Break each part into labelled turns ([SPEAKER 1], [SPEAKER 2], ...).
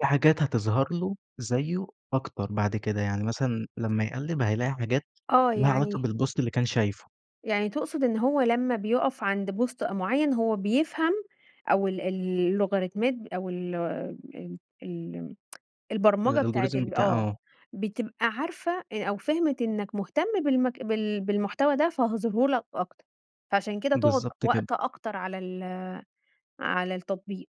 [SPEAKER 1] في حاجات هتظهر له، زيّه أكتر بعد كده، يعني مثلًا لمّا يقلّب هيلاقي حاجات
[SPEAKER 2] آه،
[SPEAKER 1] ليها علاقة
[SPEAKER 2] يعني
[SPEAKER 1] بالpost اللي كان شايفه.
[SPEAKER 2] يعني تقصد إن هو لمّا بيُقف عند post أ معيّن هو بيفهم أو ال ال اللوغاريتمات أو ال ال ال البرمجة بتاعة
[SPEAKER 1] الalgorithm
[SPEAKER 2] ال
[SPEAKER 1] بتاع
[SPEAKER 2] آه،
[SPEAKER 1] آه.
[SPEAKER 2] بتبقى عارفة أ أو فهمت إنك مهتم بالمك بال بالمحتوى ده، فهاظهرهُ لك أكتر، فعشان كده تقعد
[SPEAKER 1] بالضبط كده.
[SPEAKER 2] وقت أكتر على ال على التطبيق.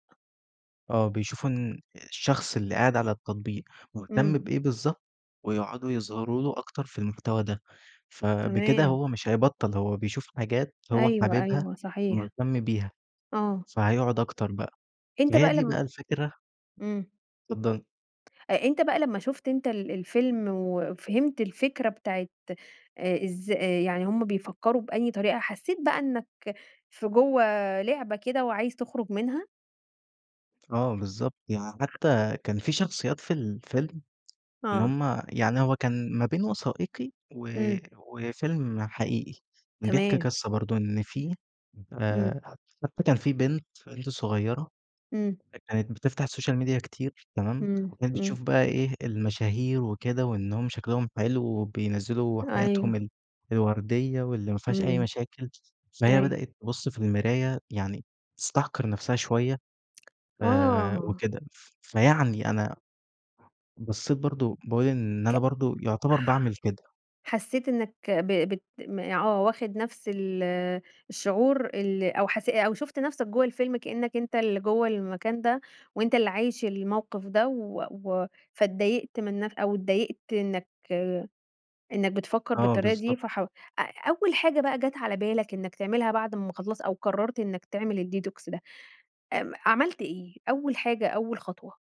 [SPEAKER 1] آه، بيشوفوا إن الشخص اللي قاعد على التطبيق مهتم
[SPEAKER 2] إمم.
[SPEAKER 1] بإيه بالضبط، ويقعدوا يظهروا له أكتر في المحتوى ده، ف بِكده
[SPEAKER 2] تمام.
[SPEAKER 1] هو مش هيبطّل، هو بيشوف حاجات هو
[SPEAKER 2] أيوه
[SPEAKER 1] حاببها،
[SPEAKER 2] أيوه صحيح.
[SPEAKER 1] مهتم بيها،
[SPEAKER 2] آه.
[SPEAKER 1] فهيقعد أكتر بقى ما
[SPEAKER 2] أنت
[SPEAKER 1] هي
[SPEAKER 2] بقى
[SPEAKER 1] دي
[SPEAKER 2] لم
[SPEAKER 1] بقى الفكرة.
[SPEAKER 2] إمم.
[SPEAKER 1] [unintelligible] اتفضلي.
[SPEAKER 2] أ أنت بقى لمّا شُفت أنت ال الفيلم، وفهمت الفكرة بتاعة آآ إز آآ، يعني هُم بيفكّروا بأي طريقة حسّيت بقى إنك في جوه لعبة كده، وعايز تخرج منها؟
[SPEAKER 1] آه، بالضبط يع
[SPEAKER 2] [unintelligible]
[SPEAKER 1] حتى كان في شخصيات في الفيلم إن
[SPEAKER 2] آه.
[SPEAKER 1] هُم يعني هو كان ما بين وثائقي و
[SPEAKER 2] إمم.
[SPEAKER 1] وفيلم حقيقي، كان بيحكي
[SPEAKER 2] تمام.
[SPEAKER 1] قصة برضه إن في
[SPEAKER 2] إمم.
[SPEAKER 1] آآ ح حتي كان في بنت بنت صغيّرة
[SPEAKER 2] إمم.
[SPEAKER 1] كانت بتفتح الsocial media كتير تمام،
[SPEAKER 2] إمم،
[SPEAKER 1] وكانت
[SPEAKER 2] إمم.
[SPEAKER 1] بتشوف بقى إيه، المشاهير وكده وإنهم شكلهم حلو وبينزّلوا حياتهم
[SPEAKER 2] أيوه.
[SPEAKER 1] ال الوردية واللي ما فيهاش أي
[SPEAKER 2] إمم،
[SPEAKER 1] مشاكل، فهي
[SPEAKER 2] أيوه.
[SPEAKER 1] بدأت تبُص في المراية يعني تستحقر نَفْسها شوية آآ،
[SPEAKER 2] آه.
[SPEAKER 1] وكده، ف فيعني أنا بصّيت برضه، باقول إن
[SPEAKER 2] ك
[SPEAKER 1] أنا برضه يعتبر باعمِل كده.
[SPEAKER 2] حسيت إنك ب بت م آه واخد نفس ال الشعور ال أو حس أو شُفت نفسك جوه الفيلم كأنك أنت اللي جوه المكان ده، وأنت اللي عايش الموقِف ده و و فاتضايقت من نف أو اتضايقت إنك إنك بتفكّر
[SPEAKER 1] آه،
[SPEAKER 2] بالطريقة دي
[SPEAKER 1] بالضبط.
[SPEAKER 2] فحاو أ أول حاجة بقى جات على بالك إنك تعملها بعد أمّا خلاص أو قررت إنك تعمل الDetox ده إم عملت إيه، أول حاجة، أول خطوة؟